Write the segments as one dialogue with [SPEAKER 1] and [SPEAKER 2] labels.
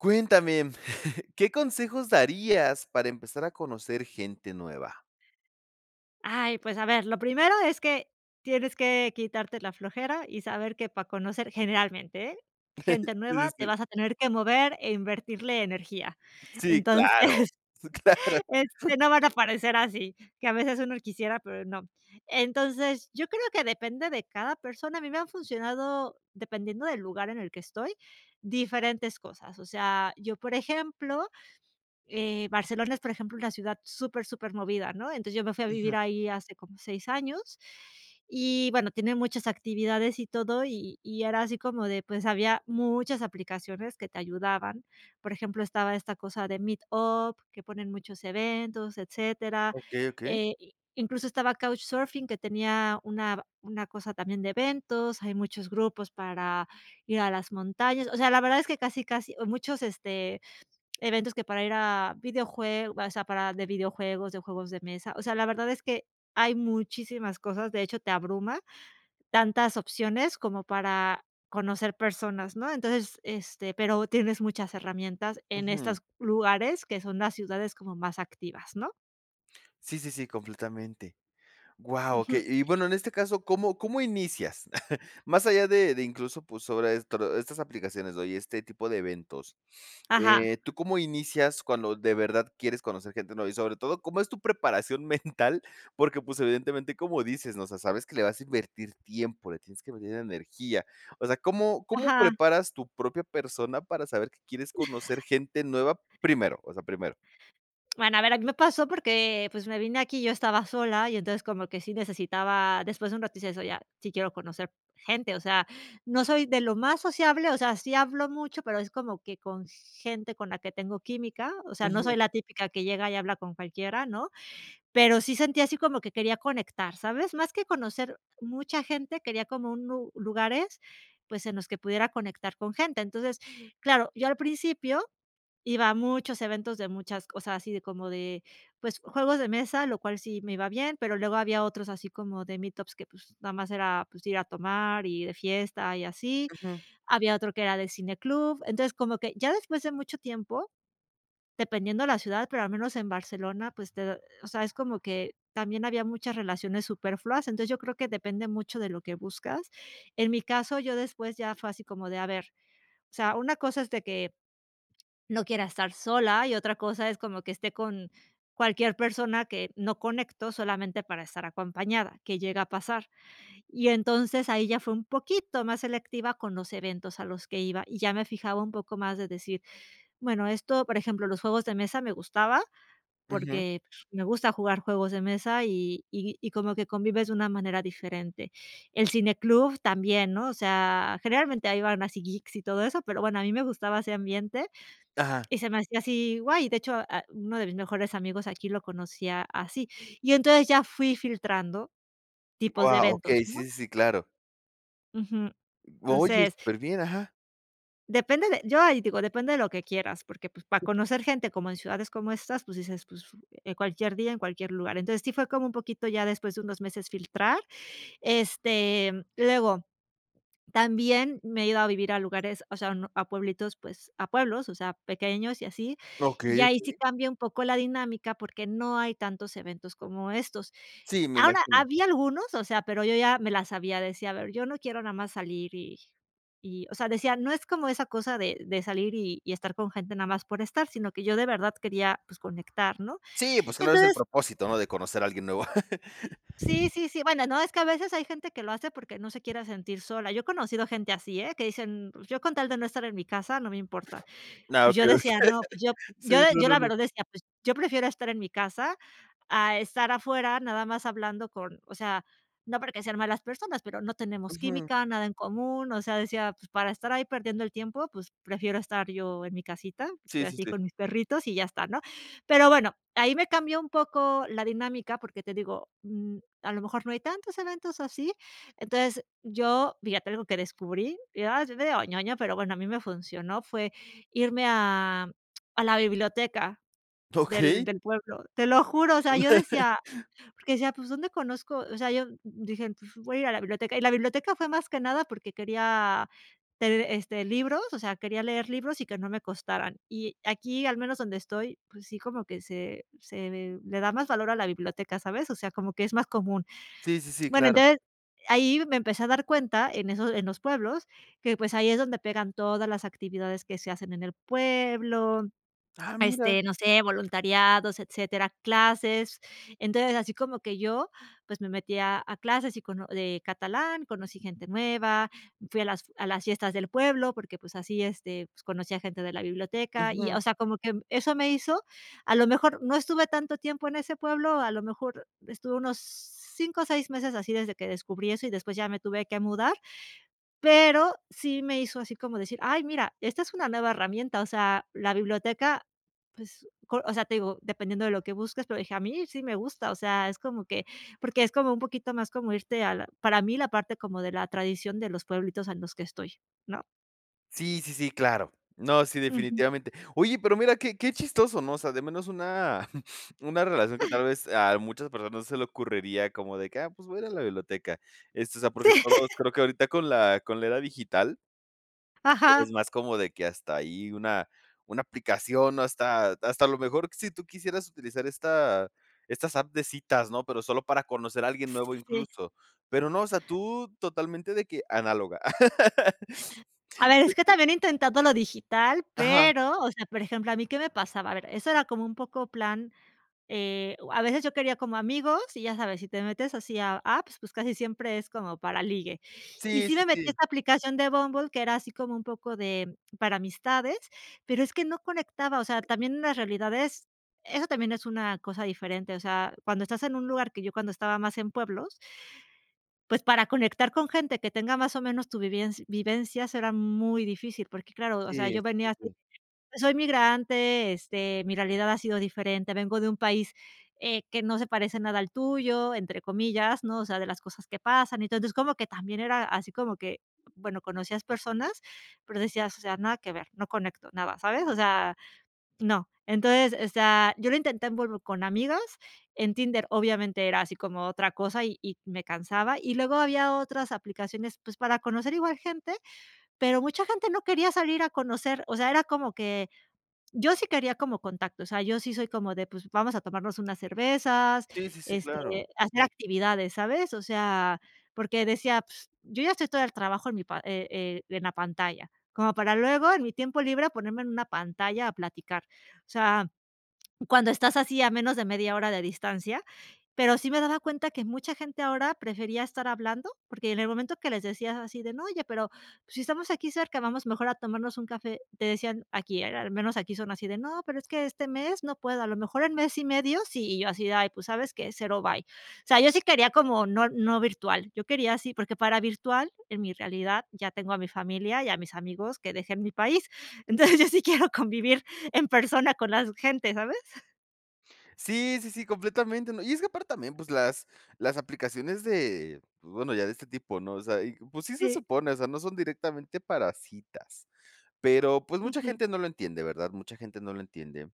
[SPEAKER 1] Cuéntame, ¿qué consejos darías para empezar a conocer gente nueva?
[SPEAKER 2] Ay, pues, a ver, lo primero es que tienes que quitarte la flojera y saber que para conocer, generalmente, gente
[SPEAKER 1] Sí, sí,
[SPEAKER 2] nueva, te
[SPEAKER 1] sí.
[SPEAKER 2] vas a tener que mover e invertirle energía,
[SPEAKER 1] Sí, claro,
[SPEAKER 2] entonces,
[SPEAKER 1] sí claro.
[SPEAKER 2] este, no van a aparecer así que a veces uno quisiera, pero no. Entonces, yo creo que depende de cada persona. A mí me ha funcionado dependiendo del lugar en el que estoy, diferentes cosas, o sea, yo, por ejemplo, eh, Barcelona es, por ejemplo, una ciudad súper, súper movida, ¿no?, entonces, yo me fui a vivir
[SPEAKER 1] Ajá.
[SPEAKER 2] ahí hace como seis años. Y, bueno, tiene muchas actividades y todo, y y era así como de, pues, había muchas aplicaciones que te ayudaban. Por ejemplo, estaba esta cosa de Meet Up que ponen muchos eventos, etcétera,
[SPEAKER 1] Okey, okey.
[SPEAKER 2] eh, i incluso estaba Couchsurfing, que tenía una ba una cosa también de eventos. Hay muchos grupos para ir a las montañas, o sea, la verdad es que casi casi o muchos, este, eventos que para ir a videojuegos o sea, para de videojuegos de juegos de mesa, o sea, la verdad es que hay muchísimas cosas. De hecho, te abruma tantas opciones como para conocer personas, ¿no? Entonces, este, pero tienes muchas herramientas en
[SPEAKER 1] Ujú.
[SPEAKER 2] estos lugares que son las ciudades como más activas, ¿no?
[SPEAKER 1] Sí, sí, sí, completamente. Guau,
[SPEAKER 2] Ujú.
[SPEAKER 1] okey, y bueno, en este caso, ¿cómo cómo inicias? Más allá de de incluso, pues, sobre estro estas aplicaciones o y este tipo de eventos,
[SPEAKER 2] Ajá.
[SPEAKER 1] eh, ¿tú cómo inicias cuando de verdad quieres conocer gente nueva? Y sobre todo, ¿cómo es tu preparación mental? Porque, pues, evidentemente, como dices, ¿no? O sea, sabes que le vas a invertir tiempo, le tienes que meter energía. O sea, ¿cómo cómo
[SPEAKER 2] Ajá.
[SPEAKER 1] preparas tu propia persona para saber que quieres conocer gente nueva primero? O sea, primero.
[SPEAKER 2] Bueno, a ver, a mí me pasó porque, pues, me vine aquí y yo estaba sola y entonces como que sí necesitaba después de un rato, decía, o sea, ya, sí quiero conocer gente, o sea, no soy de lo más sociable, o sea, sí, hablo mucho, pero es como que con gente con la que tengo química, o sea, no soy
[SPEAKER 1] Ujú.
[SPEAKER 2] la típica que llega y habla con cualquiera, ¿no? Pero sí sentía así como que quería conectar, ¿sabes? Más que conocer mucha gente, quería como un u lugares, pues, en los que pudiera conectar con gente. Entonces, claro, yo al principio, iba a muchos eventos de muchas o sea, así como de, pues, juegos de mesa, lo cual sí me iba bien, pero luego había otros así como de Meetups que, pues, nada más era, pues, ir a tomar y de fiesta y así.
[SPEAKER 1] Ujú.
[SPEAKER 2] Había otro que era de cine club. Entonces, como que ya después de mucho tiempo, dependiendo la ciudad, pero al menos en Barcelona, pues, te o sea, es como que también había muchas relaciones superfluas. Entonces, yo creo que depende mucho de lo que buscas. En mi caso, yo después ya fue así como de, a ver, o sea, una cosa es de que no quiera estar sola, y otra cosa es como que esté con cualquier persona que no conecto solamente para estar acompañada, que llega a pasar. Y, entonces, ahí ya fue un poquito más selectiva con los eventos a los que iba y ya me fijaba un poco más de decir, bueno, esto, por ejemplo, los juegos de mesa me gustaba
[SPEAKER 1] Ujú.
[SPEAKER 2] porque me gusta jugar juegos de mesa y y y como que convives de una manera diferente. El cine club también, ¿no? O sea, generalmente ahí van así geeks y todo eso, pero, bueno, a mí me gustaba ese ambiente,
[SPEAKER 1] Ajá.
[SPEAKER 2] y se me hacía así guay. De hecho, ah, uno de mis mejores amigos aquí lo conocí a así. Y entonces ya fui filtrando tipos de
[SPEAKER 1] Guau.
[SPEAKER 2] eventos,
[SPEAKER 1] Okey. Sí,
[SPEAKER 2] ¿no?
[SPEAKER 1] sí, sí, claro.
[SPEAKER 2] Ujú.
[SPEAKER 1] O oye,
[SPEAKER 2] Entonces
[SPEAKER 1] superbién. Ajá.
[SPEAKER 2] depende de yo ahí digo, depende de lo que quieras, porque, pues, para
[SPEAKER 1] Sí.
[SPEAKER 2] conocer gente como en ciudades como estas, pues, dices: "Pues en cualquier día, en cualquier lugar". Entonces, sí, fue como un poquito ya después de unos meses filtrar este luego también me he ido a vivir a lugares o sea, a pueblitos, pues, a pueblos, o sea, pequeños y así, y
[SPEAKER 1] Okey,
[SPEAKER 2] ahí sí
[SPEAKER 1] okey.
[SPEAKER 2] cambia un poco la dinámica porque no hay tantos eventos como estos
[SPEAKER 1] Sí, me
[SPEAKER 2] ahora,
[SPEAKER 1] imagino.
[SPEAKER 2] había algunos, o sea, pero yo ya me la sabía, decía: "A ver, yo no quiero nada más salir y y", o sea, decía: "No es como esa cosa de de salir y y estar con gente nada más por estar", sino que yo de verdad quería, pues, conectar, ¿no?,
[SPEAKER 1] Sí, pues claro, es el
[SPEAKER 2] entonces
[SPEAKER 1] propósito, ¿no?, de conocer a alguien nuevo.
[SPEAKER 2] Sí, sí, sí, bueno, no, es que a veces hay gente que lo hace porque no se quiere sentir sola, yo he conocido gente así, ¿eh?, que dicen: "Mm, pues yo con tal de no estar en mi casa no me importa,"
[SPEAKER 1] Ah,
[SPEAKER 2] pues yo
[SPEAKER 1] okey, okey.
[SPEAKER 2] decía: "No, pues yo
[SPEAKER 1] Sí,
[SPEAKER 2] yo-"
[SPEAKER 1] no,
[SPEAKER 2] yo
[SPEAKER 1] no,
[SPEAKER 2] la
[SPEAKER 1] no.
[SPEAKER 2] verdad decía: "Pues yo prefiero estar en mi casa a estar afuera, nada más hablando con" o sea, no porque sean malas personas, pero no tenemos
[SPEAKER 1] Ujú.
[SPEAKER 2] química, nada en común, o sea, decía: "Pues para estar ahí perdiendo el tiempo, pues prefiero estar yo en mi casita
[SPEAKER 1] Sí, sí,
[SPEAKER 2] así
[SPEAKER 1] sí.
[SPEAKER 2] con mis perritos y ya está, ¿no?," Pero bueno, ahí me cambió un poco la dinámica porque te digo, mm, a lo mejor no hay tantos eventos así. Entonces yo fíjate algo que descubrí y ah, después te digo, ñoña pero bueno, a mí me funcionó fue irme a a la biblioteca del
[SPEAKER 1] Okey.
[SPEAKER 2] del pueblo te lo juro, o sea, yo decía porque decía: "Pues dónde conozco" o sea, yo dije: "Pues voy a ir a la biblioteca" y la biblioteca fue más que nada porque quería tener este libros, o sea, quería leer libros y que no me costaran. Y aquí, al menos donde estoy pues sí, como que se se le da más valor a la biblioteca, ¿sabes?, o sea, como que es más común.
[SPEAKER 1] Sí, sí, sí,
[SPEAKER 2] Bueno,
[SPEAKER 1] claro.
[SPEAKER 2] entonces ahí me empecé a dar cuenta en esos en los pueblos que pues ahí es donde eran todas las actividades que se hacen en el pueblo
[SPEAKER 1] Ah, mira.
[SPEAKER 2] este, no sé, voluntariados, etcétera, clases. Entonces, así como que yo pues me metí a a clases y cono de catalán, conocí gente nueva, fui a las a las fiestas del pueblo porque pues así este pues conocí a gente de la biblioteca y
[SPEAKER 1] Ujú.
[SPEAKER 2] o sea, como que eso me hizo a lo mejor no estuve tanto tiempo en ese pueblo, a lo mejor estuve unos 5 o 6 meses así desde que descubrí eso y después ya me tuve que mudar, pero sí me hizo así como decir: "Ay, mira, esta es una nueva herramienta," o sea, la biblioteca, pues col o sea, te digo, dependiendo de lo que busques, pero dije: "A mí sí me gusta," o sea, es como que porque es como un poquito más como irte a la para mí la parte como de la tradición de los pueblitos, ah, en los que estoy, ¿no?
[SPEAKER 1] Sí, sí, sí, claro. No, sí,
[SPEAKER 2] Ujú.
[SPEAKER 1] definitivamente. Oye, pero mira que que chistoso, ¿no?, o sea, de menos una una relación que tal vez, a muchas personas se le ocurriría, como de que: "Ah, pues voy a ir a la biblioteca". Este, o sea, porque
[SPEAKER 2] Sí.
[SPEAKER 1] todos, creo que ahorita con la con la era digital es
[SPEAKER 2] Ajá.
[SPEAKER 1] más como de que hasta ahí una una aplicación hasta hasta a lo mejor, sí tú quisieras utilizar esta estas apps de citas, ¿no?, pero, solo para conocer a alguien nuevo
[SPEAKER 2] Sí.
[SPEAKER 1] incluso, pero no, o sea, tú totalmente de que análoga.
[SPEAKER 2] A ver, es
[SPEAKER 1] De
[SPEAKER 2] que
[SPEAKER 1] que.
[SPEAKER 2] también he intentado lo digital,
[SPEAKER 1] Ajá.
[SPEAKER 2] pero, o sea, por ejemplo, ¿a mí qué me pasaba?, a ver, eso era como un poco plan, eh, o a veces yo quería como amigos y ya sabes, sí te metes así a apps, pues, casi siempre es como para ligue. Y
[SPEAKER 1] Sí,
[SPEAKER 2] sí
[SPEAKER 1] sí,
[SPEAKER 2] me metí a
[SPEAKER 1] sí.
[SPEAKER 2] esta aplicación de Bumble que era así como un poco de para amistades, pero, es que no conectaba. O sea, también una realidad es, eso también es una cosa diferente. O sea, cuando estás en un lugar, que yo cuando estaba más en pueblos pues, para conectar con gente que tenga más o menos tu vivienc vivencias erá muy difícil porque, claro, o sea,
[SPEAKER 1] Sí,
[SPEAKER 2] yo
[SPEAKER 1] sí,
[SPEAKER 2] venía
[SPEAKER 1] sí,
[SPEAKER 2] así,
[SPEAKER 1] sí.
[SPEAKER 2] [unintelligible] soy migrante, este mi realidad ha sido diferente, vengo de un país, eh, que no se parece "nada al tuyo", entre comillas, ¿no?, o sea, de las cosas que pasan. Entonces, como que también era así como que bueno, conocías personas, pero decías, o sea: "Nada que ver, no conecto nada", ¿sabes?, o sea, no. Entonces, o sea, yo lo intenté en Bumble con amigas, en Tinder, obviamente, era así como otra cosa y y me cansaba, y luego había otras aplicaciones, pues, para conocer igual gente, pero, mucha gente no quería salir a conocer. O sea, era como que, yo sí quería como contacto. O sea, yo sí soy como de, pues, vamos a tomarnos unas cervezas,
[SPEAKER 1] Sí, sí, sí,
[SPEAKER 2] este
[SPEAKER 1] claro.
[SPEAKER 2] hacer actividades, ¿sabes?, o sea, porque decía: "Yo ya estoy todo el trabajo en mi pa eh eh, en la pantalla como para luego, en mi tiempo libre, ponerme en una pantalla a platicar". O sea, cuando estás así a menos de media hora de distancia. Pero, sí me daba cuenta que mucha gente ahora prefería estar hablando, porque en el momento que les decías así de: "No, oye, pero, si estamos aquí cerca, vamos mejor a tomarnos un café", te decían aquí, eh, al menos aquí son así de: "No, pero, es que este mes no puedo, a lo mejor en mes y medio si, y yo así de: "Ay, pues, ¿sabes qué?, cero, bye". O sea, yo sí quería como no no virtual, yo quería sí, porque para virtual en mi realidad ya tengo a mi familia y a mis amigos que dejen mi país. Entonces, yo sí quiero convivir en persona con las gente, ¿sabes?
[SPEAKER 1] Sí, sí, sí, completamente, ¿no?, y es que aparte también pues las las aplicaciones de bueno, ya de este tipo, ¿no?, o sea, y pues sí, se
[SPEAKER 2] Sí.
[SPEAKER 1] supone, o sea, no son directamente para citas, pero pues mucha
[SPEAKER 2] Ujú.
[SPEAKER 1] gente no lo entiende, ¿verdad?, mucha gente no lo entiende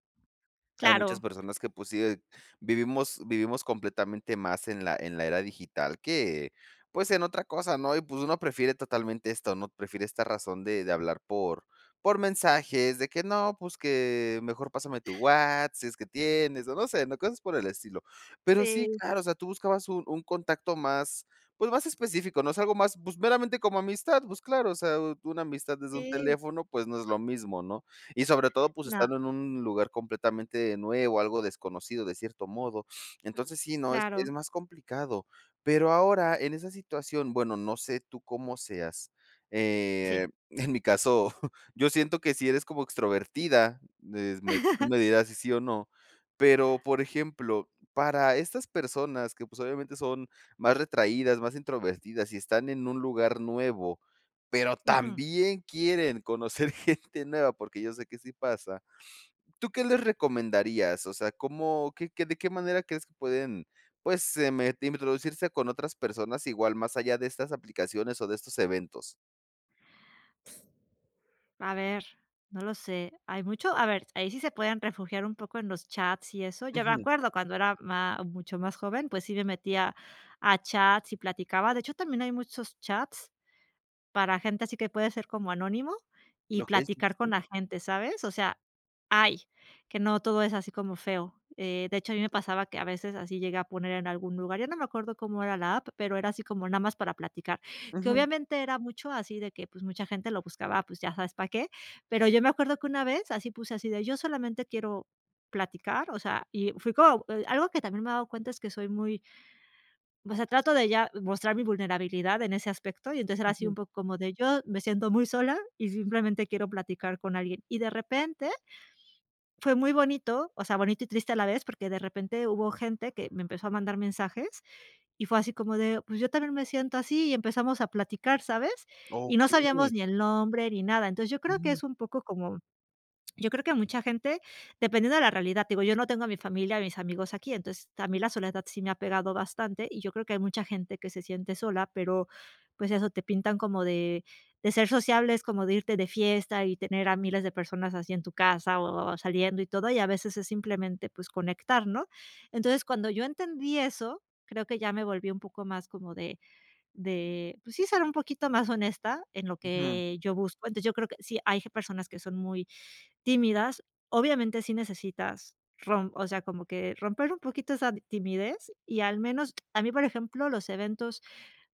[SPEAKER 1] hay muchas
[SPEAKER 2] Claro.
[SPEAKER 1] personas que pues sí, eh, vivimos vivimos completamente más en la en la era digital que pues en otra cosa, ¿no?, y pues uno prefiere totalmente esto, ¿no?, prefiere esta razón de de hablar por por mensajes de que: "No, pues," que mejor: "Pásame tu Whats sí es que tienes" o no sé, ¿no?, cosas por el estilo, pero sí,
[SPEAKER 2] Sí.
[SPEAKER 1] claro, o sea, tú buscabas un un contacto más pues, más específico, ¿no?, es algo más, pues, meramente como amistad, pues, claro, o sea, una amistad desde un
[SPEAKER 2] Sí.
[SPEAKER 1] teléfono pues no es lo mismo, ¿no?, y sobre todo, pues
[SPEAKER 2] No.
[SPEAKER 1] estando en un lugar completamente nuevo, algo desconocido de cierto modo. Entonces sí, ¿no?, es es
[SPEAKER 2] Claro.
[SPEAKER 1] más complicado pero ahora en esa situación bueno, no sé tú cómo seas,
[SPEAKER 2] Sí.
[SPEAKER 1] eh, en mi caso, yo siento que sí eres como extrovertida, es me tú me dirás sí, sí o no, pero por ejemplo, para estas personas que pues obviamente son más retraídas, más introvertidas y están en un lugar nuevo, pero
[SPEAKER 2] Ujú.
[SPEAKER 1] también quieren conocer gente nueva porque yo sé que sí pasa, ¿tú qué les recomendarías?, o sea, ¿cómo qué qué ¿de qué manera crees que pueden pues, em, me introducirse con otras personas igual más allá de estas aplicaciones o de estos eventos?
[SPEAKER 2] A ver. No lo sé, hay mucho a ver, ahí sí se pueden refugiar un poco en los chats y eso yo me
[SPEAKER 1] Ujú.
[SPEAKER 2] acuerdo cuando era má mucho más joven pues sí me metía a chats y platicaba de hecho, también hay muchos chats para gente, así que puede ser como anónimo y
[SPEAKER 1] Lo que dices.
[SPEAKER 2] platicar con
[SPEAKER 1] Sí.
[SPEAKER 2] la gente, ¿sabes?, o sea hay que no todo es así como feo, eh, de hecho, a mí me pasaba que a veces así llegué a poner en algún lugar yo no me acuerdo cómo era la app, pero era así como nada más para platicar que
[SPEAKER 1] Ujú.
[SPEAKER 2] obviamente era mucho así de que pues mucha gente lo buscaba pues ya sabes para qué, pero yo me acuerdo que una vez así puse así de: "Yo solamente quiero platicar," o sea, y fui como algo que también me he dado cuenta es que soy muy o sea, trato de ya mostrar mi vulnerabilidad en ese aspecto y empezar así un
[SPEAKER 1] Ujú.
[SPEAKER 2] poco como de: "Yo, me siento muy sola y simplemente quiero platicar con alguien" y de repente fue muy bonito, o sea, bonito y triste a la vez, porque de repente hubo gente que me empezó a mandar mensajes y fue así como de: "Pues yo también me siento así," y empezamos a platicar, ¿sabes?, y no sabíamos
[SPEAKER 1] Okey.
[SPEAKER 2] ni el nombre ni nada, entonces yo creo que
[SPEAKER 1] Mm.
[SPEAKER 2] es un poco como yo creo que a mucha gente dependiendo de la realidad digo, yo no tengo a mi familia, mis amigos aquí entonces a mí la soledad sí me ha pegado bastante y yo creo que hay mucha gente que se siente sola, pero pues eso, te pintan como de de ser sociable es como de irte de fiesta y tener a miles de personas así en tu casa o saliendo y todo, y a veces es simplemente pues conectar, ¿no?, entonces cuando yo entendí eso, creo que ya me volví un poco más como de de pues sí, ser un poquito más honesta en lo
[SPEAKER 1] Ujú.
[SPEAKER 2] que yo busco, entonces yo creo que sí hay g personas que son muy tímidas, obviamente sí necesitas rom o sea, como que romper un poquito esa timidez y al menos a mí, por ejemplo los eventos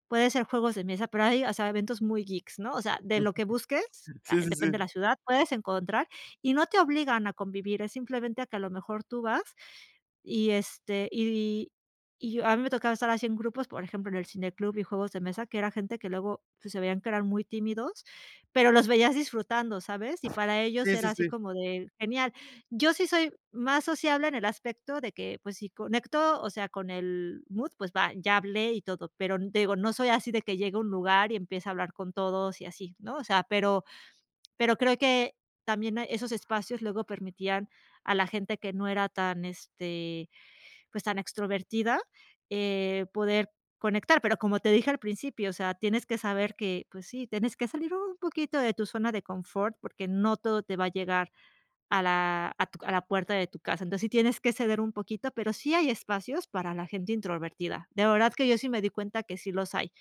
[SPEAKER 2] puede ser juegos de mesa, pero hay, o sea, eventos muy geeks, ¿no?, o sea, de lo que busques,
[SPEAKER 1] [unintelligible]
[SPEAKER 2] ah,
[SPEAKER 1] Sí, sí,
[SPEAKER 2] depende de
[SPEAKER 1] sí.
[SPEAKER 2] la ciudad puedes encontrar y no te obligan a convivir, es simplemente a que a lo mejor tú vas, y este y y yo a mí me tocaba estar así en grupos, por ejemplo, en el cine club y juegos de mesa, que era gente que luego pues se veían que eran muy tímidos, pero los veías disfrutando, ¿sabes?, y para ellos
[SPEAKER 1] Sí, sí,
[SPEAKER 2] era así
[SPEAKER 1] sí.
[SPEAKER 2] como de: "Genial." Yo sí soy más sociable en el aspecto de que pues si conecto, o sea, con el mood pues va, ya hablé y todo, pero digo, no soy así de que llegue a un lugar y empiece a hablar con todos y así, ¿no?, o sea, pero pero creo que también esos espacios luego permitían, a la gente que no era tan este, pues tan extrovertida, eh, poder conectar, pero como te dije al principio, o sea, tienes que saber que pues sí, tienes que salir un poquito de tu zona de confort porque no todo te va a llegar a la a tu c a la puerta de tu casa, entonces sí tienes que ceder un poquito, pero sí hay espacios para la gente introvertida. De verdad que yo sí me di cuenta que sí los hay.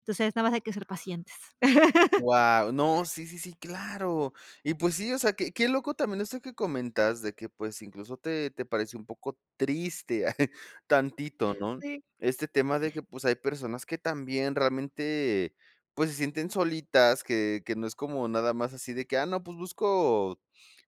[SPEAKER 2] Entonces nada más hay que ser pacientes.
[SPEAKER 1] Guau, no, sí, sí, sí, claro, y pues sí, o sea, qué qué loco también esto que comentas de que pues incluso te te parece un poco triste tantito, ¿no?,
[SPEAKER 2] Sí.
[SPEAKER 1] este tema de que pues hay personas que también realmente, pues se sienten solitas que que no es como nada más así de que: "Ah, no, pues busco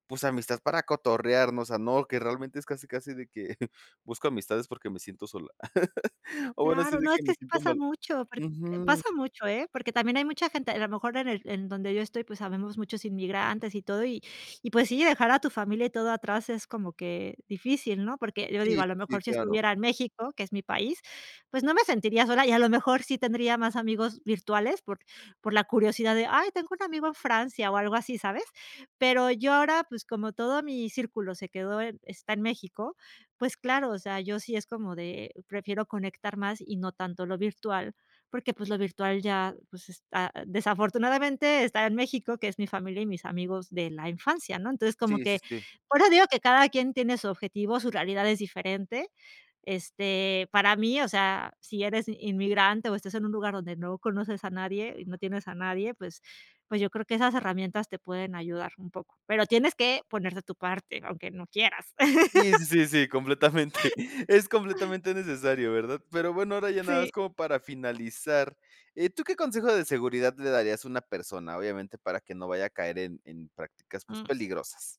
[SPEAKER 1] pues amistad para cotorrearnos," o sea, no, que realmente es casi casi de que: "Busco amistades porque me siento sola," o bueno, si
[SPEAKER 2] Claro,
[SPEAKER 1] de
[SPEAKER 2] no, es
[SPEAKER 1] que
[SPEAKER 2] que
[SPEAKER 1] me
[SPEAKER 2] sí
[SPEAKER 1] siento
[SPEAKER 2] pasa
[SPEAKER 1] mal,
[SPEAKER 2] mucho porque
[SPEAKER 1] ujú.
[SPEAKER 2] pasa mucho, ¿eh?, porque también hay mucha gente a lo mejor en el en donde yo estoy, pues habemos muchos inmigrantes y todo y y pues sí, dejar a tu familia y todo atrás es como que difícil, ¿no?, porque yo digo
[SPEAKER 1] Sí, sí,
[SPEAKER 2] a lo
[SPEAKER 1] sí,
[SPEAKER 2] mejor si
[SPEAKER 1] claro.
[SPEAKER 2] estuviera en México, que es mi país, pues no me sentiría sola y a lo mejor sí tendría más amigos virtuales por por la curiosidad de: "Ay, tengo un amigo en Francia" o algo así, ¿sabes?, pero yo ahora, pues como todo mi círculo se quedó en está en México, pues claro, o sea, yo sí es como de: "Prefiero conectar más y no tanto lo virtual" porque pues lo virtual ya, pues está desafortunadamente está en México, que es mi familia y mis amigos de la infancia, ¿no?, entonces como
[SPEAKER 1] Sí, sí,
[SPEAKER 2] que
[SPEAKER 1] sí.
[SPEAKER 2] ahora digo que cada quien tiene su objetivo, su realidad es diferente, este para mí, o sea, si eres inmigrante o estás en un lugar donde no conoces a nadie y no tienes a nadie, pues pues yo creo que esas herramientas te pueden ayudar un poco, pero tienes que poner de tu parte, aunque no quieras.
[SPEAKER 1] Sí, sí, sí, sí, completamente. Es completamente necesario, ¿verdad?, pero bueno, ahora ya nada
[SPEAKER 2] Sí.
[SPEAKER 1] más como para finalizar, eh, ¿tú qué consejo de seguridad le darías a una persona, obviamente, para que no vaya a caer en en prácticas, pues
[SPEAKER 2] Mm.
[SPEAKER 1] peligrosas?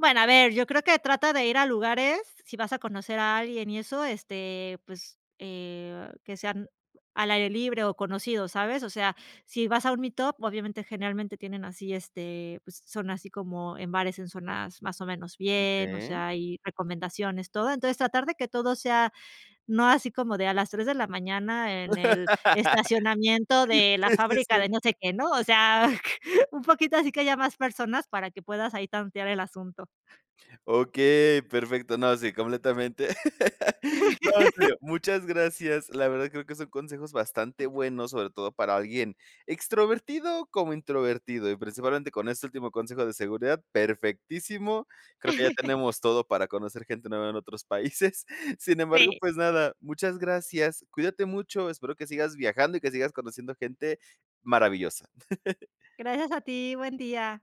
[SPEAKER 2] Bueno, a ver, yo creo que trata de ir a lugares, sí vas a conocer a alguien y eso este, pues, eh, que sean al aire libre o conocidos, ¿sabes?, o sea, si vas a un meetup, obviamente generalmente tienen así este pues son así como en bares, en zonas más o menos bien, o
[SPEAKER 1] Okey.
[SPEAKER 2] sea, y recomendaciones, todo entonces tratar de que todo sea, no así como de a las 3 de la mañana en el estacionamiento de la
[SPEAKER 1] Sí, sí,
[SPEAKER 2] fábrica
[SPEAKER 1] sí.
[SPEAKER 2] de no sé qué no, o sea, un poquito así que haya más personas para que puedas ahí tantear el asunto.
[SPEAKER 1] Okey, perfecto, no, sí, completamente. No, en serio, muchas gracias, la verdad, creo que son consejos bastante buenos, sobre todo para alguien extrovertido como introvertido y principalmente con este último consejo de seguridad, perfectísimo. Creo que ya tenemos todo para conocer gente nueva en otros países. Sin embargo,
[SPEAKER 2] Sí.
[SPEAKER 1] pues nada, muchas gracias. Cuídate mucho. Espero que sigas viajando y que sigas conociendo gente maravillosa.
[SPEAKER 2] Gracias a ti. Buen día.